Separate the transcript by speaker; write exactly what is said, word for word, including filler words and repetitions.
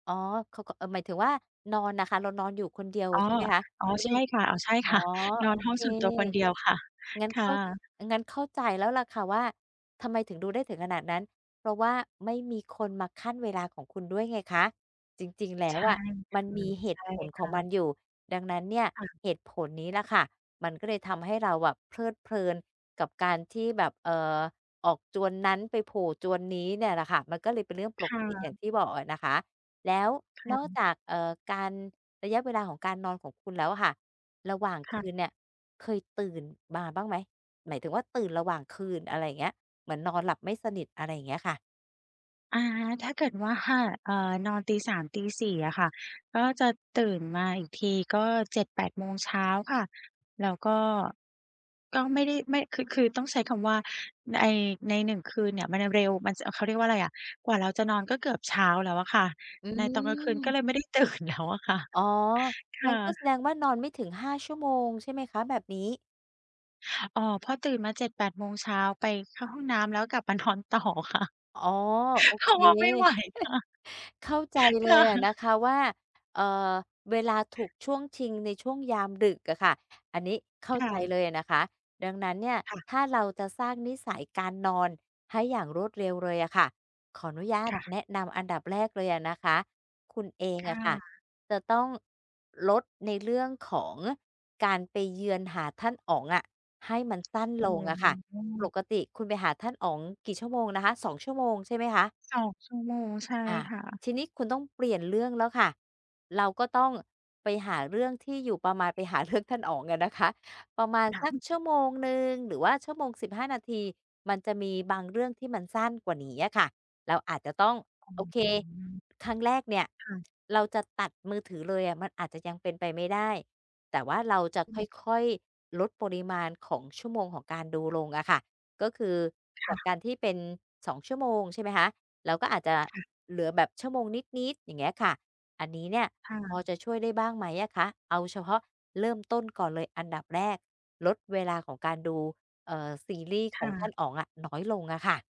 Speaker 1: อ๋อ เขาก็ เอ่อ หมายถึงว่านอนน่ะคะ เรานอนอยู่คนเดียว
Speaker 2: อ๋อ
Speaker 1: ใช่ไหมคะ
Speaker 2: อ่อ
Speaker 1: ไม่ไ
Speaker 2: ใ
Speaker 1: ด
Speaker 2: ช
Speaker 1: ้
Speaker 2: ่ค่ะ อ๋อ ใช่
Speaker 1: อ๋อ
Speaker 2: ค่ะ นอ
Speaker 1: โอ
Speaker 2: นห้อ
Speaker 1: เค
Speaker 2: งส่วนตัวคนเดียวค่ะ
Speaker 1: งั้น
Speaker 2: ค
Speaker 1: เข
Speaker 2: ่
Speaker 1: ้า
Speaker 2: ะ
Speaker 1: งั้นเข้าใจแล้วล่ะค่ะว่า ทำไมถึงดูได้ถึงขนาดนั้น เพราะว่า ไม่มีคนมาคั่นเวลาของคุณด้วยไงคะ จริง ๆ แล
Speaker 2: ใ
Speaker 1: ้
Speaker 2: ช
Speaker 1: ว
Speaker 2: ่
Speaker 1: อะ
Speaker 2: ค
Speaker 1: มัน
Speaker 2: ่ะ
Speaker 1: มี เห
Speaker 2: ใช
Speaker 1: ต
Speaker 2: ่
Speaker 1: ุผล
Speaker 2: ค
Speaker 1: ขอ
Speaker 2: ่
Speaker 1: ง
Speaker 2: ะ
Speaker 1: มันอยู่ ดังนั้นเนี่ย
Speaker 2: ค่ะ
Speaker 1: เหตุผลนี้ล่ะค่ะ มันก็เลยทำให้เราอะเพลิดเพลินกับการที่แบบ เอ่อ ออกจวนนั้นไปโผล่จวนนี้เนี่ยล่ะค่ะ มันก็เลยเป็นเรื่องป
Speaker 2: ค
Speaker 1: ก
Speaker 2: ่ะ
Speaker 1: ติอย่างที่บอกอะนะคะ แล้ว
Speaker 2: ค่
Speaker 1: นอก
Speaker 2: ะ
Speaker 1: จาก เอ่อ การระยะเวลาของการนอนของคุณแล้วอะค่ะ ระหว่าง
Speaker 2: ค
Speaker 1: ค
Speaker 2: ่
Speaker 1: ื
Speaker 2: ะ
Speaker 1: นเนี่ยเคยตื่นมาบ้างไหม? หมายถึงว่า ตื่นระหว่างคืน อะไรอย่างเงี้ย เหมือนนอนหลับไม่สนิท อะไรอย่างเงี้ยค่ะ
Speaker 2: อ่า ถ้าเกิดว่า เอ่อ นอนตี สาม ตี สี่ อะค่ะ ก็จะตื่นมาอีกทีก็ เจ็ดแปด โมงเช้าค่ะ แล้ว ก็ ก็ไม่ได้ ไม่ คือ คือต้องใช้คำว่า ไอ้ ในหนึ่งคืน เนี่ยมันเร็ว มันจะ เขาเรียกว่าอะไรอะ กว่าเราจะนอนก็เกือบเช้าแล้วอะค่ะ
Speaker 1: อื
Speaker 2: ในตอนกลางคืนก็
Speaker 1: ม
Speaker 2: เลยไม่ได้ ตื่นแล้วอะ ค่ะ
Speaker 1: อ๋อ
Speaker 2: ค
Speaker 1: งั้
Speaker 2: ่
Speaker 1: นก็แสด
Speaker 2: ะ
Speaker 1: งว่านอนไม่ถึง ห้า ชั่วโมงใช่ไหมคะ? แบบนี้
Speaker 2: อ๋อ พอตื่นมา เจ็ดแปด โมงเช้าไปเข้าห้องน้ำแล้วกลับ มานอนต่อค่ะ
Speaker 1: อ๋อ โอ
Speaker 2: เพรา
Speaker 1: เค
Speaker 2: ะว่าไม่ไหวค่ะ
Speaker 1: เข้าใจเ
Speaker 2: ค
Speaker 1: ล
Speaker 2: ่
Speaker 1: ยอะนะ
Speaker 2: ะ
Speaker 1: คะว่า เอ่อ เวลาถูกช่วงชิงในช่วงยามดึกอะค่ะ อันนี้ เข้า
Speaker 2: ค่
Speaker 1: ใจเ
Speaker 2: ะ
Speaker 1: ลยอะนะคะ ดังนั้นเนี่ย
Speaker 2: ค่ะ
Speaker 1: ถ้าเราจะสร้างนิสัยการนอนให้อย่างรวดเร็วเลยอะค่ะ ขออนุญาต
Speaker 2: ค่ะ
Speaker 1: แนะนำอันดับแรกเลยอะนะคะ คุณเอง
Speaker 2: ค
Speaker 1: อ
Speaker 2: ่
Speaker 1: ะค่ะ
Speaker 2: ะ
Speaker 1: จะต้องลดในเรื่องของการไปเยือนหาท่านอ๋องอะ ให้มัน สั้น
Speaker 2: อ
Speaker 1: ล
Speaker 2: ื
Speaker 1: งอะค่ะ ป
Speaker 2: ม
Speaker 1: กติคุณไปหาท่านอ๋องกี่ชั่วโมงนะคะ สอง ชั่วโมงใช่ไหมคะ?
Speaker 2: สอง ชั่วโมง ใช่
Speaker 1: อ่า
Speaker 2: ค่ะ
Speaker 1: ทีนี้คุณต้องเปลี่ยนเรื่องแล้วค่ะ เราก็ต้องไปหาเรื่องที่อยู่ประมาณ ไปหาเรื่องท่านอ๋องอ่ะนะคะ ประมาณ
Speaker 2: ค่
Speaker 1: สักช
Speaker 2: ะ
Speaker 1: ั่วโมงหนึ่งหรือว่าชั่วโมง สิบห้า นาที มันจะมีบางเรื่องที่มันสั้นกว่านี้อะค่ะ เราอาจจะต้อง
Speaker 2: อ๋อ
Speaker 1: โอเค ครั้งแรกเนี่ย
Speaker 2: ค่ะ
Speaker 1: เราจะตัดมือถือเลยอะมันอาจจะยังเป็นไปไม่ได้ แต่ว่าเราจะ
Speaker 2: อืม
Speaker 1: ค่อย ๆ ลดปริมาณของชั่วโมงของการดูลงอะค่ะ ก็คือ
Speaker 2: ค
Speaker 1: จ
Speaker 2: ่
Speaker 1: าก
Speaker 2: ะ
Speaker 1: การที่เป็น สอง ชั่วโมงใช่ไหมคะ เราก็อาจจะ
Speaker 2: ค่ะ
Speaker 1: เหลือแบบชั่วโมงนิด ๆ อย่างเงี้ยค่ะ อันนี้เนี่ย
Speaker 2: ค่
Speaker 1: พอ
Speaker 2: ะ
Speaker 1: จะช่วยได้บ้างไหมอะคะ? เอาเฉพาะเริ่มต้นก่อนเลยอันดับแรกลดเวลาของการดู เอ่อ ซีรีส์ข
Speaker 2: ค่
Speaker 1: องท่าน
Speaker 2: ะ
Speaker 1: อ๋องอะน้อยลงอะค่ะ